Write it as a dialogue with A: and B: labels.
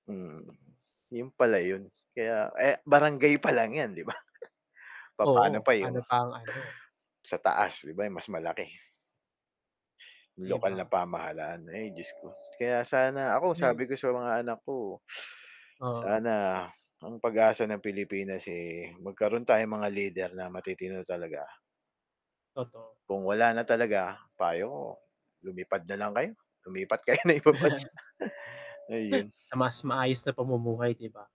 A: Mm. 'Yon pala 'yon, kaya, eh, barangay pa lang 'yan, 'di ba? Papaano
B: Oo,
A: pa 'yong
B: ano, pa ang ano
A: sa taas, 'di ba? 'Yong mas malaki.
B: 'Di
A: Lokal na
B: ba?
A: pamahalaan, ay Diyos ko. Kaya sana ako
B: May
A: sabi ko sa mga anak ko,
B: Oo.
A: sana ang pag-asa ng Pilipinas, eh, magkaroon tayong mga leader na matitino talaga.
B: Totoo.
A: Kung wala na talaga, payo ko lumipad na lang kayo, lumipat kayo ng ibang bansa. Ayun.
B: Sa mas maayos na pamumuhay, 'di ba?